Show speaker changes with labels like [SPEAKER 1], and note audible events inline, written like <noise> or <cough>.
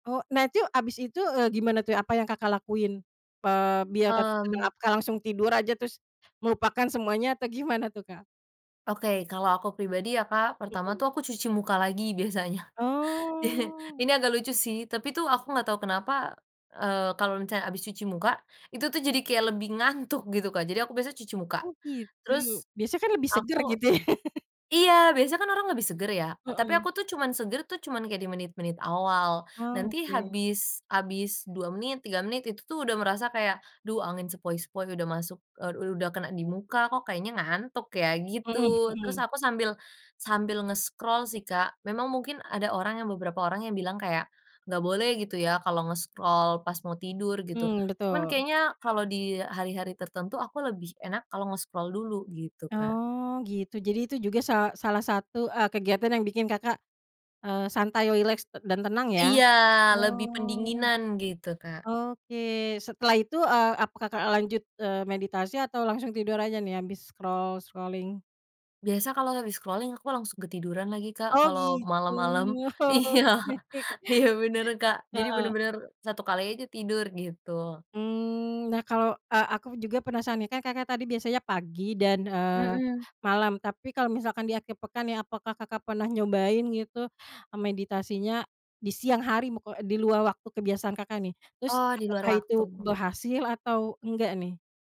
[SPEAKER 1] Oh, nah, itu abis itu, eee, gimana tuh? Apa yang Kakak lakuin? Eee, biar te <unintelligible>
[SPEAKER 2] Mmm.
[SPEAKER 1] apakah langsung tidur aja terus melupakan semuanya atau gimana tuh, Kak?
[SPEAKER 2] Oke, kalau aku pribadi ya, Kak, pertama
[SPEAKER 1] Mhm.
[SPEAKER 2] tuh aku cuci muka lagi biasanya. I
[SPEAKER 1] Oh.
[SPEAKER 2] ini agak lucu sih, tapi tuh aku nggak tau kenapa, eee, kalo misalnya abis cuci muka itu tuh jadi kayak lebih ngantuk, gitu, Kak. Jadi aku biasa cuci muka,
[SPEAKER 1] Oh, gitu.
[SPEAKER 2] terus,
[SPEAKER 1] Biasa kan lebih
[SPEAKER 2] aku
[SPEAKER 1] seger, gitu. <laughs>
[SPEAKER 2] iya, biasa kan orang lebih seger ya, tapi
[SPEAKER 1] Heeh.
[SPEAKER 2] aku tuh cuman seger tuh cuman kayak di menit-menit awal.
[SPEAKER 1] Ah,
[SPEAKER 2] Nanti
[SPEAKER 1] oke.
[SPEAKER 2] habis habis 2 menit, 3 menit, itu tuh udah merasa kayak, duh, angin sepoi-sepoi udah masuk, eee, u udah kena dimuka, kok kayaknya ngantuk, ya, gitu.
[SPEAKER 1] Heeh
[SPEAKER 2] Terus
[SPEAKER 1] heeh.
[SPEAKER 2] aku sambil sambil nge-scroll sih, Kak. Memang mungkin ada orang yang beberapa orang yang bilang kayak, nggak boleh, gitu ya, kalau nge-scroll pas mau tidur, gitu.
[SPEAKER 1] Mmm,
[SPEAKER 2] Cuman
[SPEAKER 1] betul.
[SPEAKER 2] kayaknya kalau di hari-hari tertentu aku lebih enak kalau nge-scroll dulu, gitu, Kak.
[SPEAKER 1] Oh, gitu, jadi itu juga sa salah satu, eee, kegiatan yang bikin Kakak, eee, santai rileks te dan tenang, ya?
[SPEAKER 2] Iya, lebih
[SPEAKER 1] Oh.
[SPEAKER 2] pendinginan, gitu, Kak.
[SPEAKER 1] Oke, setelah itu, eee, apa, Kakak lanjut, eee, meditasi atau langsung tidur aja nih habis scroll scrolling?
[SPEAKER 2] Biasa kalau habis scrolling aku langsung ketiduran lagi, Kak.
[SPEAKER 1] Oh,
[SPEAKER 2] Kalau
[SPEAKER 1] gitu.
[SPEAKER 2] malam-malam iya,
[SPEAKER 1] Oke,
[SPEAKER 2] iya bener, Kak. Jadi
[SPEAKER 1] heeh
[SPEAKER 2] bener-bener 1 kali aja tidur, gitu.
[SPEAKER 1] Mmm, nah, kalau a aku juga penasaran nih, kan Kakak tadi biasanya pagi dan, eee,
[SPEAKER 2] Mhm.
[SPEAKER 1] malam, tapi kalau misalkan di akhir pekan ya, apakah Kakak pernah nyobain gitu, meditasinya, di siang hari mo kel eee, di luar waktu kebiasaan Kakak, nih? Terus
[SPEAKER 2] Oh, di luar
[SPEAKER 1] apakah itu
[SPEAKER 2] waktu.
[SPEAKER 1] berhasil atau enggak, nih?